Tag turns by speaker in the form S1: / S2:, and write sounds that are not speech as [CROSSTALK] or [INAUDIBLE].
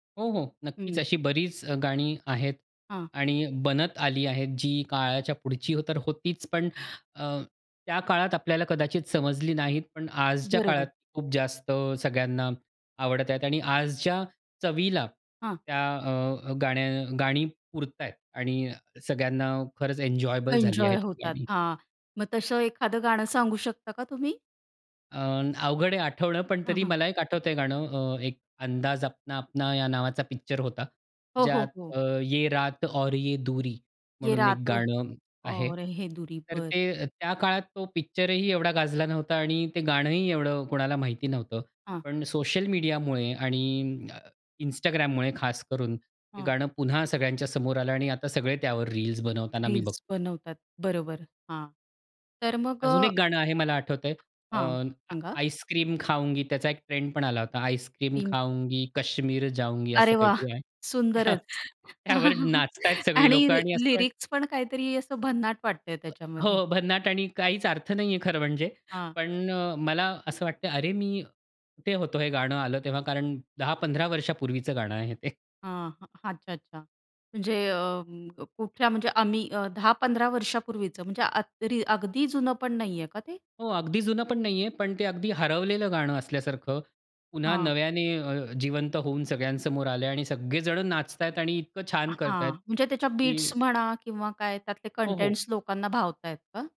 S1: हो, हो. नक्कीच,
S2: हं.
S1: अशी बरीच अ, गाणी आहेत
S2: हां.
S1: आणि बनत आली आहेत, जी काळाच्या पुढची तर होतीच, पण अ, त्या काळात आपल्याला कदाचित समजली नाहीत. पण आजच्या काळात
S2: बरोबर.
S1: खूप जास्त अ, सगळ्यांना आवडत आहेत आणि आजच्या चवीला
S2: हां.
S1: त्या अ, गाणं गाणी पुरत आहेत आणि सगळ्यांना खरंच एन्जॉयबल झाली
S2: एन्जॉय
S1: आहेत
S2: होतात
S1: गाणी.
S2: हां, मग तसं एखादं गाणं सांगू शकता का तुम्ही?
S1: अ, अवघड आहे आठवणं, पण
S2: हं,
S1: तरी
S2: हं.
S1: मला एक आठवतंय हे गाणं. अ, एक अंदाज अपना अपना या नावाचा पिक्चर होता,
S2: हो,
S1: ज्यात
S2: हो, हो.
S1: अ, ये रात और ये दूरी.
S2: ये
S1: म्हणून एक
S2: रात
S1: गाणं आहे.
S2: और हे दुरी.
S1: तर
S2: बरं.
S1: ते त्या काळात तो पिक्चरही एवढा गाजला नव्हता आणि ते गाणंही एवढं कोणाला माहीत नव्हतं.
S2: हां.
S1: पण सोशल मीडियामुळे आणि अ, Instagramमुळे खासकरून ते
S2: हं.
S1: गाणं पुन्हा सगळ्यांच्या समोर आलं आणि आता सगळे त्यावर रील्स बनवताना मी बघ
S2: रील्स बनवतात, बरोबर हां. तर मग
S1: अजून
S2: अ
S1: एक गाणं आहे मला आठवत आहे.
S2: हां.
S1: अ,
S2: सांगा.
S1: आईसक्रीम खाऊंगी त्याचा एक ट्रेंडपण आला होता. आईसक्रीम
S2: [UNINTELLIGIBLE]
S1: खाऊंगी, कश्मीर जाऊंगी असं
S2: अरे वाह!
S1: काहीतरी आहे. [CHUCKLES]
S2: सुंदरच.
S1: त्यावर
S2: [CHUCKLES]
S1: नाचत आहेत सगळी
S2: आणि
S1: लोकं
S2: रि
S1: आणि असं वाट
S2: लिरिक्स पण काहीतरी असं भन्नाट वाटतं आहे
S1: अ,
S2: त्याच्यामध्ये.
S1: हो, भन्नाट आणि काहीच अर्थ नाही आहे खरं म्हणजे.
S2: हां.
S1: पण अ, मला असं वाटतं आहे अरे, मी कुठे होतो हे गाणं आलं तेव्हा कारण 10-15 वर्षांपूर्वीचं गाणं आहे ते.
S2: हां, हां, अच्छा, अच्छा म्हणजे अ, कुठल्या म्हणजे आम्ही अ, 10-15 वर्षापूर्वीचं म्हणजे अग अगदी जुनं पण नाही आहे का ते?
S1: हो, अगदी जुनं पण नाही आहे, पण ते अगदी हरवलेलं गाणं असल्यासारखं पुन्हा
S2: हां.
S1: नव्याने अ, जिवंत होऊन सगळ्यांसमोर आलं आहे आणि सगळे जण नाचत आहेत आणि इतकं छान करत आहेत,
S2: हां, म्हणजे त्याच्या बिट्स
S1: की
S2: म्हणा किंवा काय त्यातले
S1: हो, हो.
S2: कंटेंट्स लोकांना भावत आहेत का?